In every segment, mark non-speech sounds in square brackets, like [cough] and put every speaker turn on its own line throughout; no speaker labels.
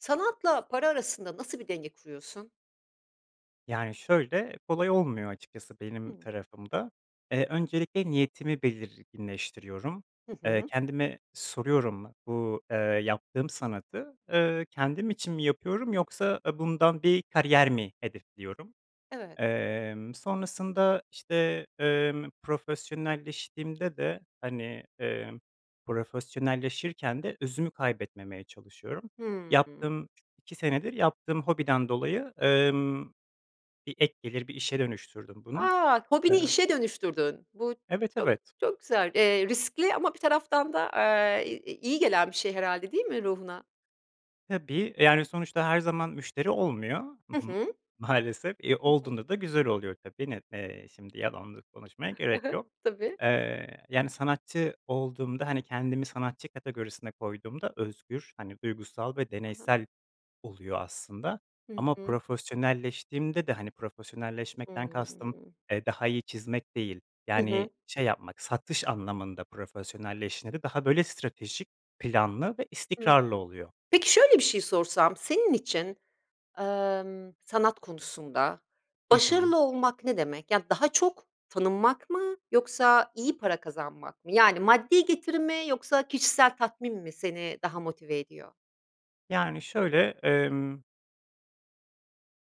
Sanatla para arasında nasıl bir denge kuruyorsun?
Yani, şöyle, kolay olmuyor açıkçası benim
Hımm.
tarafımda, eee, öncelikle niyetimi belirginleştiriyorum,
Hı
eee,
hı.
kendime soruyorum bu, eee, yaptığım sanatı, ııı, kendim için mi yapıyorum yoksa a bundan bir kariyer mi hedefliyorum?
Evet.
Emm, sonrasında, işte, emm, profesyonelleştiğimde de, hani, eee, profesyonelleşirken de özümü kaybetmemeye çalışıyorum.
Hımm.
Yaptığım 2 senedir yaptığım hobiden dolayı, ımm, bir ek gelir, bir işe dönüştürdüm bunu.
A! Hobini
Eee
işe dönüştürdün, bu
Evet,
çok,
evet.
çok güzel, eee, riskli ama bir taraftan da, eee, i i iyi gelen bir şey herhâlde değil mi ruhuna?
Tabii. Eee, yani, sonuçta her zaman müşteri olmuyor. Hı
Hı
hı.
hı.
Maalesef, eee,
Hı hı.
olduğunda da güzel oluyor tabii. Ne eee, şimdi yalan da konuşmaya
[chuckles] Hı
gerek
hı.
yok.
Tabii.
Eee, yani, sanatçı olduğumda, hani, kendimi sanatçı kategorisine koyduğumda özgür, hani, duygusal ve
Ha ha.
deneysel oluyor aslında
Hı
ama
hı.
profesyonelleştiğimde de, hani, profesyonelleşmekten kastım,
Hımm.
eee, daha iyi çizmek değil,
Hı
yani,
hı.
şey yapmak, satış anlamında profesyonelleştiğinde de daha böyle stratejik, planlı ve
Hıı.
istikrarlı oluyor.
Peki, şöyle, bir şey sorsam, senin için, emm, sanat konusunda
Hı hı.
başarılı olmak ne demek? Ya, daha çok tanınmak mı yoksa iyi para kazanmak mı? Yani, maddi getiri mi yoksa kişisel tatmin mi seni daha motive ediyor?
Yani, şöyle, emm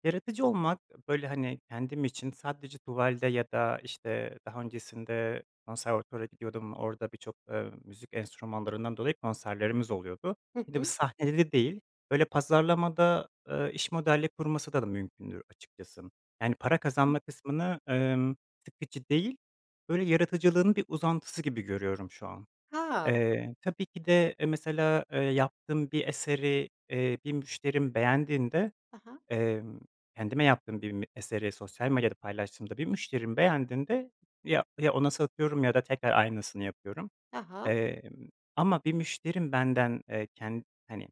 yaratıcı olmak, ııı, böyle, hani, kendim için sadece tuvalde ya da, işte, daha öncesinde konservatuvara gidiyordum. Orada birçok, ııı, müzik enstrümanlarından dolayı konserlerimiz oluyordu.
Hı
Bir de bir
hı.
sahnede de değil, böyle, pazarlamada, ııı, iş modelleyip kurması da mümkündür açıkçası. Yani, para
Hı.
kazanma kısmını, ımm, sıkıcı değil, böyle, yaratıcılığın bir uzantısı gibi görüyorum şu an.
Ha.
Eee, tabii ki de, eee, mesela, eee, yaptığım bir eseri, eee, bir müşterim beğendiğinde,
Ha ha.
emm, kendime yaptığım bir m eseri sosyal medyada paylaştığımda bir müşterim beğendiğinde ya ya ona satıyorum ya da tekrar aynısını yapıyorum.
Ha ha.
Emm, ama bir müşterim benden, eee, ken hani,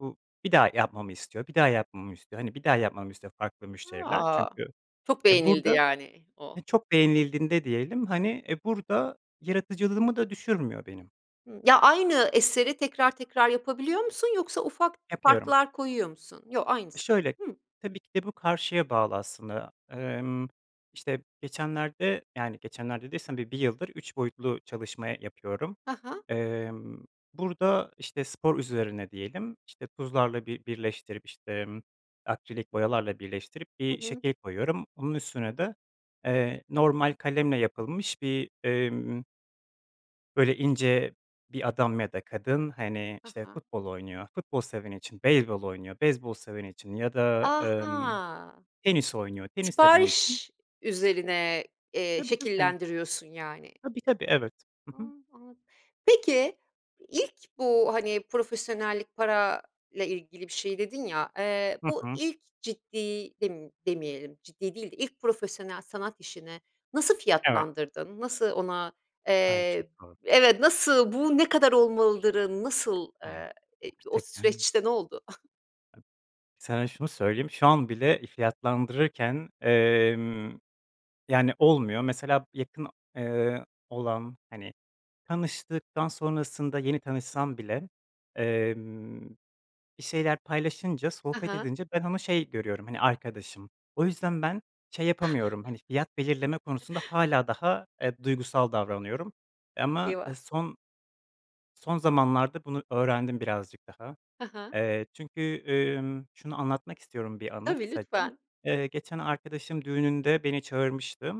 bu bir daha yapmamı istiyor, bir daha yapmamı istiyor, hani, bir daha yapmamı istiyor farklı müşteriler
A!
çünkü,
Çok
eee,
beğenildi,
burada
yani, o.
he çok beğenildiğinde diyelim, hani, eee, burada yaratıcılığımı da düşürmüyor benim.
Hımm. Ya, aynı eseri tekrar tekrar yapabiliyor musun? Yoksa ufak
Yapıyorum.
farklar koyuyor musun? Yo,
E,
aynısı.
şöyle,
Hıı.
tabii ki de bu karşıya bağlı aslında. Emm, işte, geçenlerde, yani, geçenlerde dediysem bi bir yıldır 3 boyutlu çalışma yapıyorum.
Ha ha.
Emm, burada, işte, spor üzerine diyelim. İşte, tuzlarla bi birleştirip, işte, emm, akrilik boyalarla birleştirip
Hı
bir
hı.
şekil koyuyorum. Onun üstüne de, eee, normal kalemle yapılmış bir, emm böyle ince bir adam ya da kadın, hani,
Ha
işte,
ha.
futbol oynuyor, futbol seveni için, beyzbol oynuyor, beyzbol seveni için ya da,
A,
emm,
ha!
tenis oynuyor, tenis seveni için.
Sipariş üzerine, eee,
Tabii, tabii.
şekillendiriyorsun yani.
Tabii, tabii. Evet. Hı hı.
Iıı, anladım. Peki, ilk bu, hani, profesyonellik parayla ilgili bir şey dedin ya, eee,
Hı
bu
hı.
ilk ciddi dem demeyelim ciddi değil de ilk profesyonel sanat işine nasıl
Evet.
fiyatlandırdın? Nasıl ona,
Ay, çok
eee,
doğru.
b evet, nasıl bu ne kadar olmalıdırı, nasıl,
Ay,
eee, i o
gerçekten.
süreçte ne oldu? [chuckles]
Sana şunu söyleyeyim, şu an bile fiyatlandırırken, emm, yani, olmuyor. Mesela b yakın, eee, olan, hani, tanıştıktan sonrasında yeni tanışsam bile, emm, bir şeyler paylaşınca,
He
sohbet
he.
edince ben onu şey görüyorum, hani, arkadaşım. O yüzden ben şey yapamıyorum, hani, fiyat belirleme konusunda
[chuckles]
hâlâ daha, eee, duygusal davranıyorum. Eee, ama
Eyvah!
son son zamanlarda bunu öğrendim birazcık daha.
Hı hı.
Eee, çünkü, ımm, şunu anlatmak istiyorum, bir anı
Tabii,
kısaca.
lütfen.
Eee, geçen arkadaşımın düğününde beni çağırmıştı,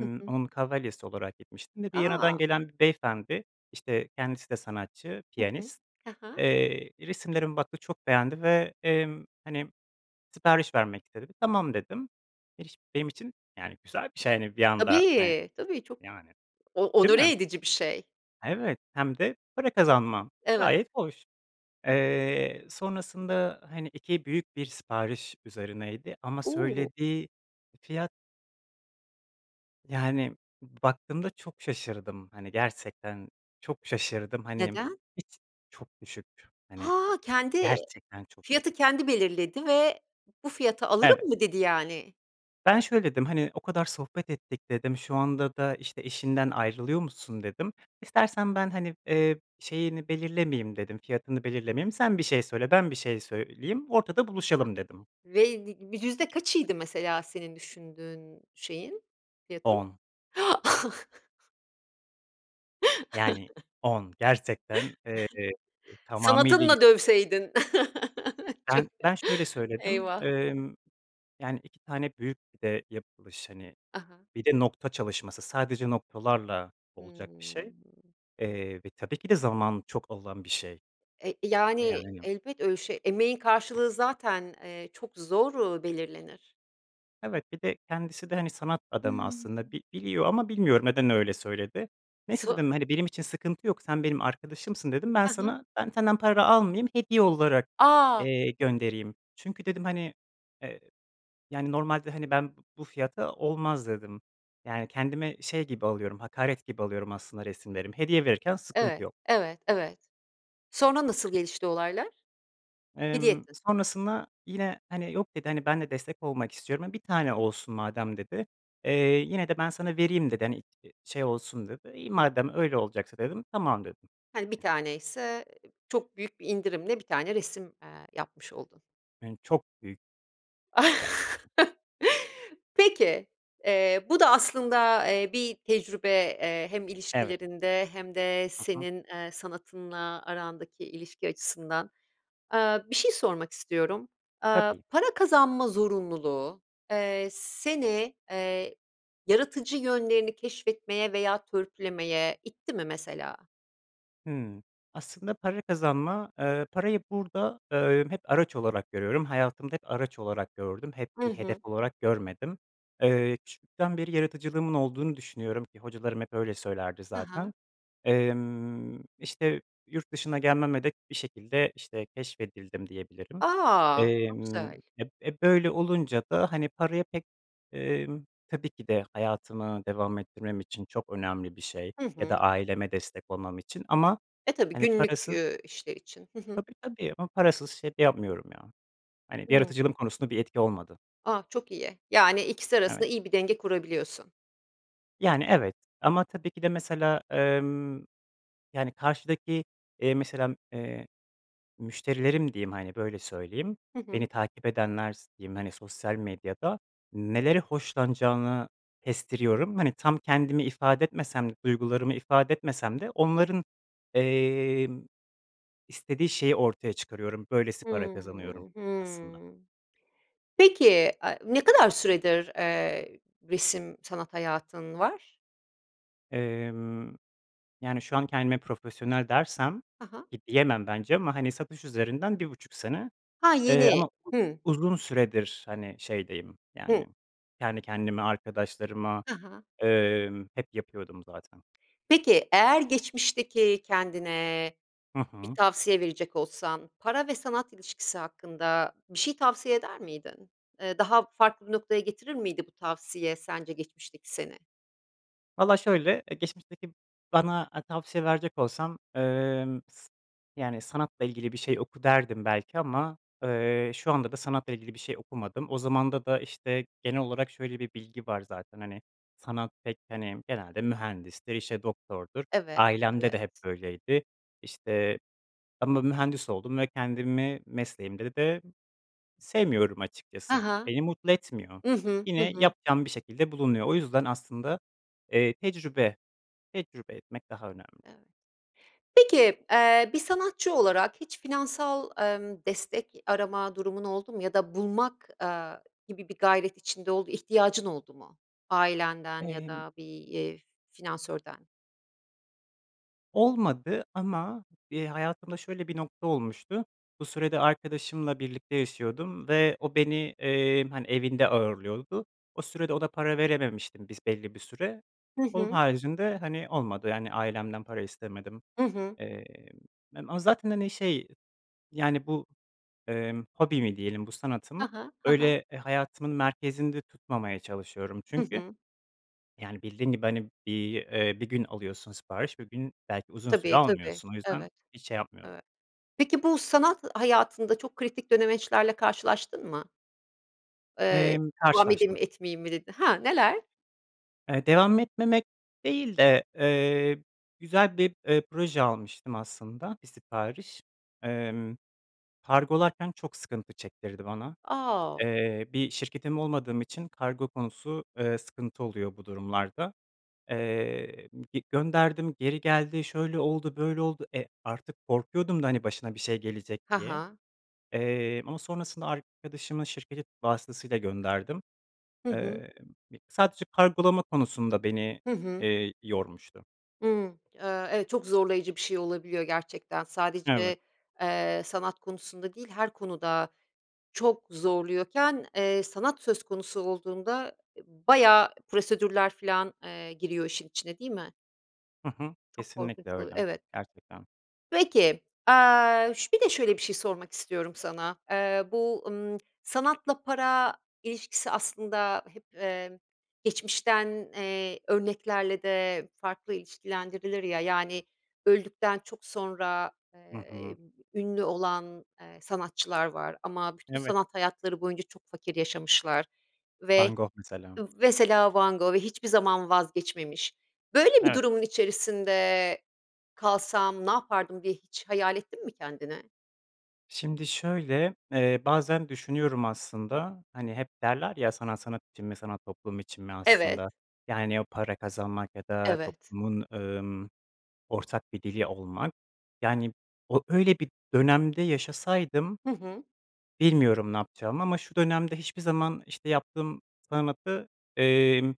Hı hı.
onun kavalyesi olarak gitmiştim ve Viyana'dan
A!
gelen bir beyefendi, işte, kendisi de sanatçı,
Hı hı.
piyanist.
He he.
Eee, resimlerimi baktı, çok beğendi ve, emm, hani, sipariş vermek istedi. "Tamam." dedim. [unintelligible] iş benim için, yani, güzel bir şey, hani, bir anda, hani,
Tabii, tabii çok
yani,
o
değil
onore
mi?
edici bir şey.
Evet, hem de para kazanmam,
Evet.
gayet hoş. Eee, sonrasında, hani, 2 büyük bir sipariş üzerineydi ama
U!
söylediği fiyat yani, baktığımda çok şaşırdım, hani, gerçekten çok şaşırdım. Hani,
Neden?
hiç çok düşük, hani,
Ha! Kendi
gerçekten çok düş
fiyatı kendi belirledi ve bu fiyata
Evet.
alırım mı dedi yani?
Ben şöyle dedim, "Hani, o kadar sohbet ettik." dedim, "Şu anda da, işte, eşinden ayrılıyormuşsun." dedim. "İstersen ben, hani, eee, şeyini belirlemeyeyim." dedim, "Fiyatını belirlemeyeyim. Sen bir şey söyle, ben bir şey söyleyeyim, ortada buluşalım." dedim.
Veydi bi yüzde kaçıydı mesela senin düşündüğün şeyin, fiyatın?
10
[inhales] [chuckles]
Yani,
[chuckles]
10 gerçekten, eee,
[chuckles]
tamamıyla i
Sanatınla
[unintelligible]
dövseydin. [chuckles] Çok
Ben ben şöyle söyledim,
Eyvah.
emm, yani, 2 tane büyük bir de yapılış, hani,
A ha.
bir de nokta çalışması, sadece noktalarla olacak bir şey,
Hımm.
eee, ve tabii ki de zaman çok alan bir şey,
E,
e,
yani,
yani.
elbet öyle şey, emeğin karşılığı zaten, eee, çok zor, uuu, belirlenir.
Evet, bir de kendisi de, hani, sanat adamı aslında
Hımm.
bi biliyor ama bilmiyorum, neden öyle söyledi. "Neyse"
[unintelligible]
dedim, "...hani, benim için sıkıntı yok, sen benim arkadaşımsın." dedim, "Ben
A ha.
sana ben senden para almayayım, hediye olarak,
A!
eee, göndereyim. Çünkü" dedim, "...hani, eee, yani, normalde, hani, ben bu bu fiyata olmaz." dedim. Yani, kendime şey gibi alıyorum, hakaret gibi alıyorum aslında resimlerim, hediye verirken sıkıntı
Evet,
yok.
evet, evet. Sonra nasıl gelişti olaylar? Hediye
Emm,
ettin.
sonrasında yine, hani, "Yok" dedi, "hani ben de destek olmak istiyorum, e, 1 tane olsun madem." dedi, eee, "Yine de ben sana vereyim" dedi, "hani, t şey olsun." dedi. "İyi madem öyle olacaksa." dedim, "Tamam." dedim.
Hani, 1 taneyse, eee, çok büyük bir indirimle 1 tane resim, eee, yapmış oldun.
Ün çok büyük. Ya
[chuckles] Peki, eee, bu da aslında, eee, bir tecrübe, eee, hem
Evet.
ilişkilerinde hem de,
Hı hı.
senin, eee, sanatınla arandaki ilişki açısından. Aaa, bir şey sormak istiyorum. Aaa,
Tabii.
para kazanma zorunluluğu, eee, seni, eee, yaratıcı yönlerini keşfetmeye veya törpülemeye itti mi mesela?
Hıı. Aslında, para kazanma, eee, parayı, burada, eee, hep araç olarak görüyorum. Hayatımda hep araç olarak gördüm, hep
Hı
bir hedef
hı.
olarak görmedim. Eee, küçüklükten beri yaratıcılığımın olduğunu düşünüyorum, eee, hocalarım hep öyle söylerdi
Ha
zaten.
ha.
Emm, işte, yurt dışına gelmeme de bir şekilde, işte, keşfedildim diyebilirim.
A! Çok
Emm,
güzel.
ep e, böyle olunca da hani, paraya pek, emm, tabii ki de hayatımı devam ettirmem için çok önemli bir şey
Hı
ya da
hı.
aileme destek olmam için, ama
E, tabii,
hani,
günlük,
parasız
eee, işler için. Hı hı.
Tabii tabii ama parasız şey de yapmıyorum ya, hani,
Hıı.
yaratıcılığım konusunda bir etki olmadı.
A, çok iyi, yani, ikisi
Evet.
arasında iyi bir denge kurabiliyorsun.
Yani, evet, ama tabii ki de mesela, emm, yani, karşıdaki, eee, mesela, eee, müşterilerim diyeyim, hani, böyle söyleyeyim,
Hı
beni
hı.
takip edenler s diyeyim, hani, sosyal medyada nelere hoşlanacağını kestiriyorum. Hani, tam kendimi ifade etmesem de duygularımı ifade etmesem de onların, emm, istediği şeyi ortaya çıkarıyorum, böylesi para kazanıyorum,
Hıı,
aslında.
hıı. Peki, a ne kadar süredir, eee, resim, sanat hayatın var?
Emm, yani şu an kendime profesyonel dersem
Ha ha.
ki diyemem bence ama, hani, satış üzerinden 1,5 sene,
Ha,
eee,
yeni,
ama
hı.
uzun süredir, hani, şeydeyim, yani,
Hı.
kendi kendime, arkadaşlarıma,
Ha ha.
emm, hep yapıyordum zaten.
Peki eğer geçmişteki kendine
Hı
bir
hı.
tavsiye verecek olsan para ve sanat ilişkisi hakkında bir şey tavsiye eder miydin? Eee, daha farklı bir noktaya getirir miydi bu tavsiye sence geçmişteki seni?
Valla şöyle, eee, geçmişteki bana tavsiye verecek olsam, emm, s yani sanatla ilgili bir şey oku derdim belki ama, ııı, şu anda da sanatla ilgili bir şey okumadım. O zamanda da, işte, genel olarak şöyle bir bilgi var zaten, hani, sanat pek, hani, genelde mühendisti, işte doktordur,
Evet,
ailemde
evet.
de hep böyleydi, işte, ama mühendis oldum ve kendimi mesleğimde de sevmiyorum
Ha
açıkçası,
ha.
beni mutlu etmiyor.
I hı, hı
Yine
hı.
yapacağım bir şekilde bulunuyor, o yüzden aslında, eee, tecrübe, tecrübe etmek daha önemli.
[unintelligible] Peki, eee, bir sanatçı olarak hiç finansal, emm, destek arama durumun oldu mu ya da bulmak, aaa, gibi bir gayret içinde ol ihtiyacın oldu mu ailenden ya
Emm
da bir, eee, finansörden?
Olmadı ama, eee, hayatımda şöyle bir nokta olmuştu. Bu sürede arkadaşımla birlikte yaşıyordum ve o beni, eee, hani, evinde ağırlıyordu. O sürede o da para verememiştim bis belli bir süre.
Hı
Onun
hı.
haricinde, hani, olmadı, yani, ailemden para istemedim.
I hı.
Emm, mem a zaten, hani, şey, yani, bu, emm, hobimi diyelim, bu
Ha
sanatımı
ha, ha ha.
öyle e hayatımın merkezinde tutmamaya çalışıyorum
Hı
çünkü,
hı.
yani, bildiğin, gibi, hani, bir, eee, bir gün alıyorsun sipariş, bir gün belki uzun süre
Tabii, tabii.
almıyorsun o yüzden
Evet,
hiç şey yapmıyorum.
evet. Peki bu sanat hayatında çok kritik dönemeçlerle karşılaştın mı? Eee,
Emm,
"Devam edeyim mi,
karşılaştım.
etmeyeyim mi?" dedi Ha, neler?
Eee, devam etmemek değil de, eee, güzel bir, eee, proje almıştım aslında 1 sipariş. Emm, kargolarken çok sıkıntı çektirdi bana.
A o
Eee, bir şirketim olmadığım için kargo konusu, eee, sıkıntı oluyor bu durumlarda. Eee, m gi gönderdim, geri geldi, şöyle oldu, böyle oldu, e, artık korkuyordum da, hani, başına bir şey gelecek
Ha
diye.
ha.
Eee, ama sonrasında arkadaşımın şirketi vasıtasıyla gönderdim.
Hı hı.
Emm, bi sadece kargolama konusunda beni,
Hı hı.
eee, yormuştu.
Hıı, ııı, evet çok zorlayıcı bir şey olabiliyor gerçekten.
Evet.
Sadece, eee, sanat konusunda değil her konuda çok zorluyorken, eee, sanat söz konusu olduğunda, eee, bayağı prosedürler filan, eee, giriyor işin içine değil mi?
Hı hı,
Çok
kesinlikle
korkunç oluyor,
öyle,
evet.
gerçekten.
Peki, aaa, şö şöyle bir şey sormak istiyorum sana. Eee, bu, ımm, [clicks tongue] sanatla para ilişkisi aslında hep, eee, geçmişten, eee, örneklerle de farklı ilişkilendirilir ya. Yani, öldükten çok sonra,
Hı hı.
eee, ünlü olan, eee, sanatçılar var ama bütün
Evet.
sanat hayatları boyunca çok fakir yaşamışlar ve
Van Gogh mesela.
mesela Van Gogh ve hiçbir zaman vazgeçmemiş. Böyle bir
Evet.
durumun içerisinde kalsam ne yapardım diye hiç hayal ettin mi kendini?
Şimdi şöyle, eee, bazen düşünüyorum aslında, hani, hep derler, ya: sanat sanat için mi, sanat toplum için mi
Evet.
aslında. Yani, o para kazanmak ya da
Evet.
toplumun, ımm, ortak bir dili olmak, yani, o öyle bir dönemde yaşasaydım
Hı hı.
bilmiyorum ne yapacağımı ama şu dönemde hiçbir zaman, işte, yaptığım sanatı, emm,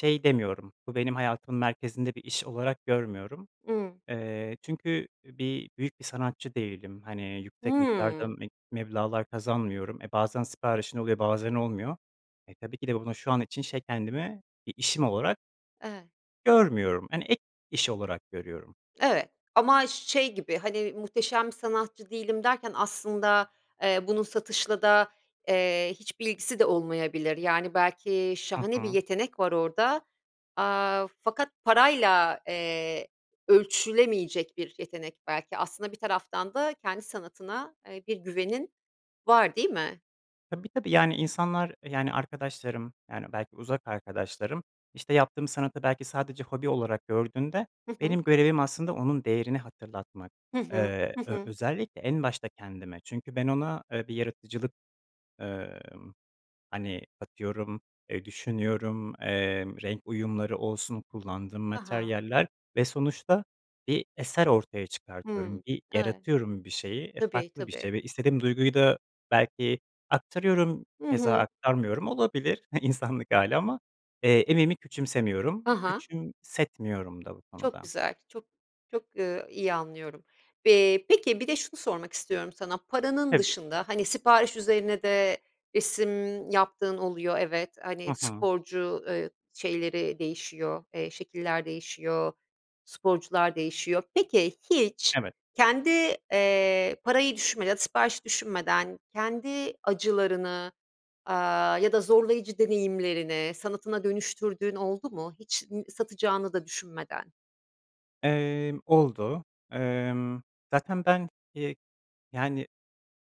şey demiyorum, bu benim hayatımın merkezinde bir iş olarak görmüyorum.
Iıı.
Eee, çünkü, bir, büyük bir sanatçı değilim, hani, yüksek miktarda
Hıı.
meb meblağlar kazanmıyorum. E, bazen siparişin oluyor, bazen olmuyor. E, tabii ki de bunu şu an için şey kendimi bir işim olarak
Evet.
görmüyorum, hani, ek iş olarak görüyorum.
Evet ama şey gibi, hani, "Muhteşem sanatçı değilim" derken aslında, eee, bunun satışla da, eee, hiçbir ilgisi de olmayabilir. Yani, belki
Hı
şahane bir
hı.
yetenek var orada, aaa, fakat parayla, eee, ölçülemeyecek bir yetenek belki. Aslında bir taraftan da kendi sanatına, eee, bir güvenin var değil mi?
Tabii, tabii. Yani, insanlar, yani, arkadaşlarım, yani, belki uzak arkadaşlarım, işte, yaptığım sanatı belki sadece hobi olarak gördüğünde
Hı hı.
benim görevim aslında onun değerini hatırlatmak.
Hı hı,
Eee,
hı
ö
hı.
özellikle en başta kendime çünkü ben ona, eee, bir yaratıcılık, ımm, hani, atıyorum, eee, düşünüyorum, eee, renk uyumları olsun, kullandığım
Ha ha.
materyaller ve sonuçta bir eser ortaya çıkartıyorum,
Hıı,
bir
evet.
yaratıyorum bir şeyi, eee,
Tabii,
farklı bir
tabii.
şey ve istediğim duyguyu da belki aktarıyorum,
Hı
keza
hı.
aktarmıyorum, olabilir, [chuckles] insanlık hâli ama, eee, emeğimi küçümsemiyorum.
Ha ha.
Küçümsetmiyorum da bu
Çok
konuda.
güzel. Çok çok, ııı, iyi anlıyorum. Bi peki, bir de şunu sormak istiyorum sana. Paranın
Tabii.
dışında, hani, sipariş üzerine de resim yaptığın oluyor evet, hani,
Hı hı.
sporcu, ııı, şeyleri değişiyor, eee, şekiller değişiyor, sporcular değişiyor. Peki, hiç
Evet.
kendi, eee, parayı düşünmeden ya da siparişi düşünmeden kendi acılarını, aaa, ya da zorlayıcı deneyimlerini sanatına dönüştürdüğün oldu mu hiç n satacağını da düşünmeden?
Emm, oldu. Imm, zaten ben, iii, yani,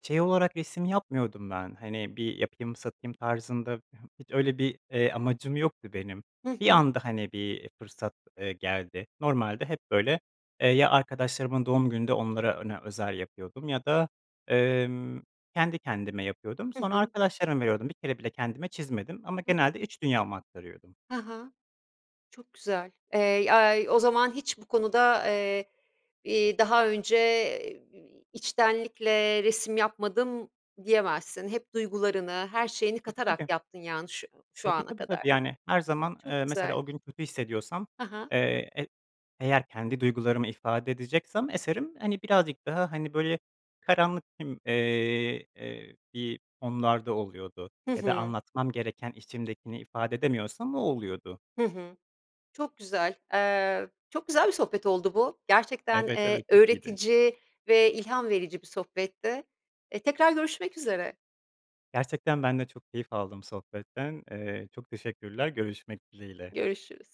şey olarak resim yapmıyordum ben, hani, bir yapayım satayım tarzında, h hiç öyle bir, eee, amacım yoktu benim.
Hı
Bir
hı.
anda, hani, bir, iii, fırsat, eee, geldi. Normalde hep böyle, eee, ya arkadaşlarımın doğum gününde onlara ona özel yapıyordum ya da, emm, kendi kendime yapıyordum.
Hı
Sonra
hı.
arkadaşlarıma veriyordum, bir kere bile kendime çizmedim ama
He he.
genelde iç dünyamı aktarıyordum.
Ha ha. Çok güzel. Eee, yay o zaman hiç bu konuda, eee, iii, daha önce, iii, içtenlikle resim yapmadım diyemezsin. Hep duygularını, her şeyini
Tabii,
katarak
tabii.
yaptın, yani, şu şu
Tabii,
ana
tabii.
kadar.
Tabii, yani, her zaman,
Çok
eee, mesela
güzel.
o gün kötü hissediyorsam,
Ha ha.
eee, e eğer kendi duygularımı ifade edeceksem eserim, hani, birazcık daha, hani, böyle karanlık, ımm, eee, eee, bir konularda oluyordu.
Hı
Ya da
hı.
anlatmam gereken içimdekini ifade edemiyorsam o oluyordu.
Hı hı. Çok güzel, eee, çok güzel bir sohbet oldu bu. Gerçekten,
Evet,
eee,
evet çok iyiydi.
öğretici ve ilham verici bir sohbetti. Eee, tekrar görüşmek üzere.
Gerçekten ben de çok keyif aldım sohbetten, eee, çok teşekkürler. Görüşmek dileğiyle.
Görüşürüz.